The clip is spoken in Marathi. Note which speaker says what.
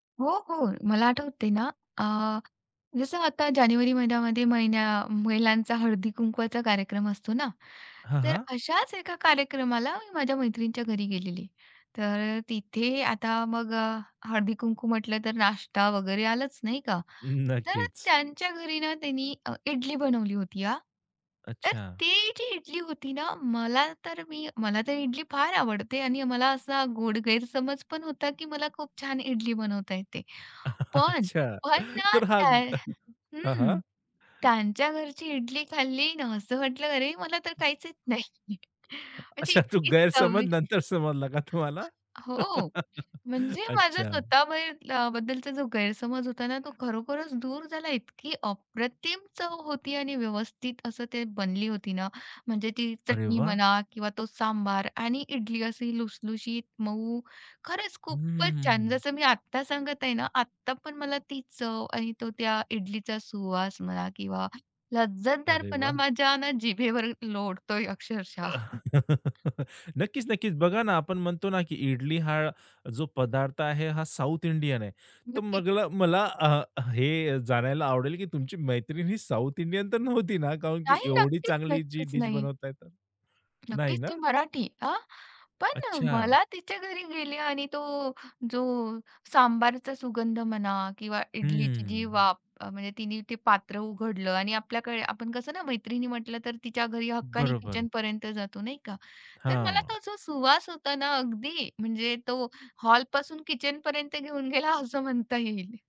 Speaker 1: हो, हो. मला आठवतंय ना, अ, जसं आता जानेवारी महिन्यामध्ये महिन्या महिलांचा हळदी-कुंकवाचा कार्यक्रम असतो ना,
Speaker 2: हां,
Speaker 1: तर
Speaker 2: हां.
Speaker 1: अशाच एका कार्यक्रमाला मी माझ्या मैत्रिणीच्या घरी गेलेली. तर अ, तिथे आता मग अ, हळदी-कुंकू म्हटलं तर नाश्ता वगैरे आलाच नाही का.
Speaker 2: न
Speaker 1: तर
Speaker 2: नक्कीच.
Speaker 1: त्यांच्या घरी ना, तिनी अ, इडली बनवली होती हां. तर
Speaker 2: अच्छा.
Speaker 1: ती जी इडली होती ना. मला तर मी मला तर इडली फार आवडते आणि मला असा गोड गैरसमज पण होता, की मला खूप छान इडली बनवता येते. पण
Speaker 2: अच्छा.
Speaker 1: पण ना,
Speaker 2: तर हा
Speaker 1: त्या
Speaker 2: हां, हां.
Speaker 1: हं. त्यांच्या घरची इडली खाल्ली ना, असं वाटलं, "अरे, मला तर
Speaker 2: [unintelligible]
Speaker 1: काहीच नाही." म्हणजे
Speaker 2: अच्छा, तो
Speaker 1: इतकी
Speaker 2: गैरसमज
Speaker 1: चविष
Speaker 2: नंतर समजलं का तुम्हाला?
Speaker 1: हो. म्हणजे माझा
Speaker 2: अच्छा.
Speaker 1: स्वतः बाहेर अ, बद्दलचा जो गैरसमज होता ना, तो खरोखरच दूर झाला इतकी अप्रतिम चव होती आणि व्यवस्थित असं ते बनली होती ना. म्हणजे ती
Speaker 2: अरे
Speaker 1: चटणी
Speaker 2: वाह!
Speaker 1: म्हणा किंवा तो सांबार आणि इडली अशी लुसलुशीत, मऊ. खरंच
Speaker 2: हं, हं,
Speaker 1: खूपच
Speaker 2: हं,
Speaker 1: छान
Speaker 2: हं.
Speaker 1: जसं मी आत्ता सांगत आहे ना, आत्ता पण मला ती चव आणि तो त्या इडलीचा सुवास म्हणा किंवा
Speaker 2: अरे
Speaker 1: लज्जतदारपणा
Speaker 2: वाह!
Speaker 1: माझ्या ना जिभेवर लोळतोय अक्षरशः.
Speaker 2: नक्कीच, नक्कीच. बघा ना, आपण म्हणतो ना की इडली हा जो पदार्थ आहे, हा साउथ इंडियन आहे. तर
Speaker 1: नक्कीच.
Speaker 2: मगला मला अ, हे जाणायला आवडेल की तुमची मैत्रीण ही साउथ इंडियन तर नव्हती ना? कारण की
Speaker 1: नाही,
Speaker 2: एवढी
Speaker 1: नक्कीच,
Speaker 2: चांगली जी
Speaker 1: नक्कीच.
Speaker 2: डीश
Speaker 1: नाही.
Speaker 2: बनवताय तर? नाही
Speaker 1: नक्कीच, ती
Speaker 2: ना?
Speaker 1: मराठी. हां, पण अ,
Speaker 2: अच्छा.
Speaker 1: मला तिच्या घरी गेले आणि तो जो सांबारचा सुगंध म्हणा किंवा
Speaker 2: हं,
Speaker 1: इडलीची जी
Speaker 2: हं.
Speaker 1: वाफ अ, म्हणजे तिने ते पात्र उघडलं आणि आपल्याकडे आपण कसं ना मैत्रिणी म्हटलं तर तिच्या घरी हक्काने
Speaker 2: बरोबर.
Speaker 1: किचनपर्यंत जातो नाही का. तर मला
Speaker 2: हां.
Speaker 1: तो जो सुवास होता ना, अगदी म्हणजे तो हॉलपासून किचनपर्यंत घेऊन गेला असं म्हणता येईल.